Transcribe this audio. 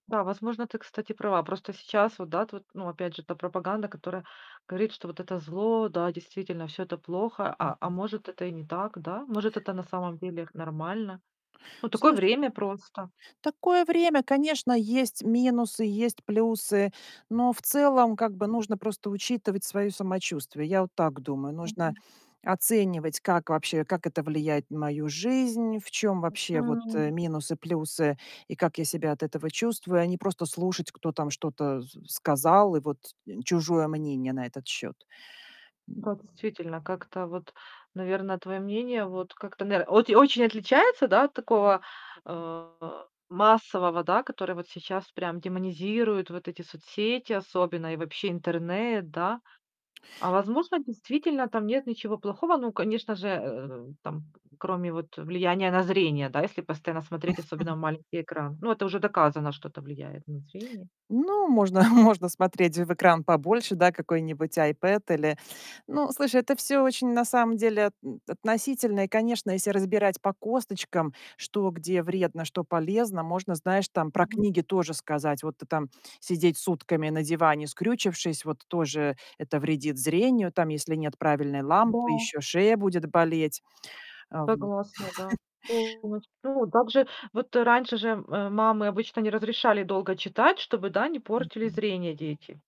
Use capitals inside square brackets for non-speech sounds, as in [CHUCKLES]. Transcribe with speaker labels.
Speaker 1: Да, возможно, ты, кстати, права. Просто сейчас вот, да, тут, ну опять же, та пропаганда, которая говорит, что вот это зло, да, действительно всё это плохо, а а
Speaker 2: М-м.
Speaker 1: может, это и не так, да? Может, это на самом деле х нормально? Ну такое
Speaker 2: Слушай,
Speaker 1: время просто.
Speaker 2: такое время. Конечно, есть минусы, есть плюсы, но в целом, как бы, нужно просто учитывать своё самочувствие. Я вот так думаю. Нужно оценивать, как вообще, как это влияет на мою жизнь, в чём вообще вот, э,
Speaker 1: М.
Speaker 2: минусы, плюсы и как я себя от этого чувствую, а не просто слушать, кто там что-то с сказал, и вот, э, чужое мнение на этот счёт.
Speaker 1: Ну
Speaker 2: [GRUNTS]
Speaker 1: как, действительно, как-то вот, наверное, твоё мнение вот как-то, нар вот и очень отличается да, от такого, э, массового, да, который вот сейчас прям демонизирует вот эти соцсети особенно и вообще интернет, да? А возможно, действительно там нет ничего плохого? Ну, конечно же, э, там кроме вот, э, влияния на зрение, да, если постоянно смотреть, особенно
Speaker 2: [CHUCKLES]
Speaker 1: в маленький экран. Ну это уже доказано, что это влияет на зрение.
Speaker 2: Ну, можно можно смотреть в экран побольше, да, какой-нибудь iPad или Ну, слушай, это всё очень на самом деле от относительно. И, конечно, если разбирать по косточкам, что где вредно, что полезно, можно, знаешь, там про
Speaker 1: Мгм.
Speaker 2: книги тоже сказать. Вот ты там сидеть сутками на диване, скрючившись, вот тоже это вредит зрению. Там, если нет правильной лампы,
Speaker 1: Да.
Speaker 2: ещё шея будет болеть. А, в м
Speaker 1: Согласна, да.
Speaker 2: [CHUCKLES]
Speaker 1: [UNINTELLIGIBLE] Ну также вот раньше же, э, мамы обычно не разрешали долго читать, чтобы, да, не портили
Speaker 2: Мгм.
Speaker 1: зрение дети.